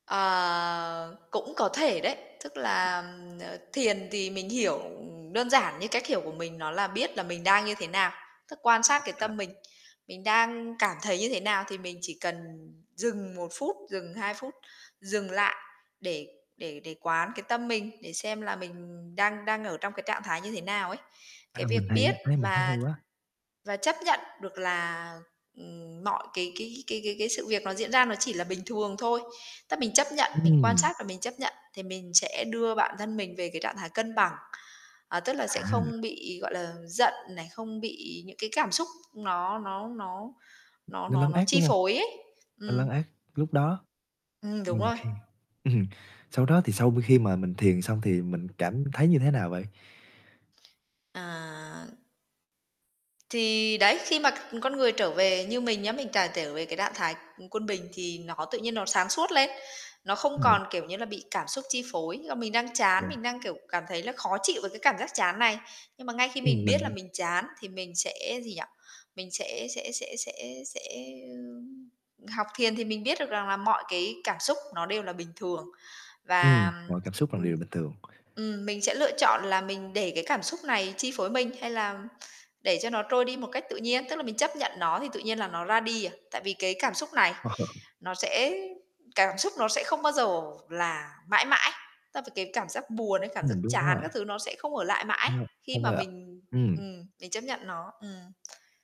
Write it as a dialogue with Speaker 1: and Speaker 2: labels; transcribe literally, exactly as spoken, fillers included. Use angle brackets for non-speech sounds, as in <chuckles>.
Speaker 1: Ờ, cũng có thể đấy. Tức là, ừm, ờ, thiền thì mình hiểu, ừm, đơn giản như cách hiểu của mình nó là biết là mình đang như thế nào, tức quan sát
Speaker 2: À,
Speaker 1: cái
Speaker 2: à.
Speaker 1: tâm mình. Mình đang cảm thấy như thế nào thì mình chỉ cần dừng một phút, dừng hai phút, dừng lại để để để quán cái tâm mình, để xem là mình đang đang ở trong cái trạng thái như thế nào ấy. Cái
Speaker 2: À,
Speaker 1: việc
Speaker 2: mình thấy,
Speaker 1: biết
Speaker 2: a, thấy mình thấy
Speaker 1: và
Speaker 2: hay quá.
Speaker 1: và chấp nhận được là, ừm, mọi cái cái cái cái cái sự việc nó diễn ra nó chỉ là bình thường thôi, tấp mình chấp nhận, mình quan
Speaker 2: Ừm.
Speaker 1: sát và mình chấp nhận thì mình sẽ đưa bản thân mình về cái trạng thái cân bằng, à, tức là sẽ không
Speaker 2: À.
Speaker 1: bị, gọi là, giận này, không bị những cái cảm xúc nó nó nó nó
Speaker 2: Nó
Speaker 1: nó
Speaker 2: lấn
Speaker 1: nó
Speaker 2: át,
Speaker 1: chi
Speaker 2: đúng hông?
Speaker 1: phối ấy.
Speaker 2: Nó lấn
Speaker 1: Ừm.
Speaker 2: át lúc đó.
Speaker 1: Ừm, đúng
Speaker 2: Ừm,
Speaker 1: rồi.
Speaker 2: khi ừm, sau đó thì sau khi mà mình thiền xong thì mình cảm thấy như thế nào vậy?
Speaker 1: À. Thì đấy, khi mà c con người trở về, như mình nhá, mình càng trở về cái trạng thái, ừm, quân bình thì nó tự nhiên nó sáng suốt lên, nó không
Speaker 2: Ừm.
Speaker 1: còn, kiểu như là, bị cảm xúc chi phối, là mình đang chán,
Speaker 2: Đúng.
Speaker 1: mình đang, kiểu, cảm thấy là khó chịu với cái cảm giác chán này. Nhưng mà ngay khi
Speaker 2: Ừm,
Speaker 1: mình biết là
Speaker 2: mình
Speaker 1: mình chán thì mình sẽ gì nhỉ? Mình sẽ sẽ sẽ sẽ sẽ, ưm, học thiền thì mình biết được rằng là mọi cái cảm xúc nó đều là bình thường.
Speaker 2: Ừm,
Speaker 1: Và,
Speaker 2: mọi cảm xúc là
Speaker 1: ừm, ừm,
Speaker 2: điều bình thường.
Speaker 1: ừm, mình sẽ lựa chọn là mình để cái cảm xúc này chi phối mình, hay làm để cho nó trôi đi một cách tự nhiên, tức là mình chấp nhận nó thì tự nhiên là nó ra đi à, tại vì cái cảm xúc này nó sẽ
Speaker 2: <chuckles>
Speaker 1: cảm xúc nó sẽ không bao giờ là mãi mãi. Ta và cái cảm giác buồn ấy, cảm giác
Speaker 2: Ừm, đúng
Speaker 1: chán
Speaker 2: rồi.
Speaker 1: các thứ nó sẽ không ở lại
Speaker 2: Ờ.
Speaker 1: mãi khi
Speaker 2: Không
Speaker 1: mà
Speaker 2: quay lại.
Speaker 1: mình
Speaker 2: Ừm.
Speaker 1: ừm, mình chấp nhận nó, ừm.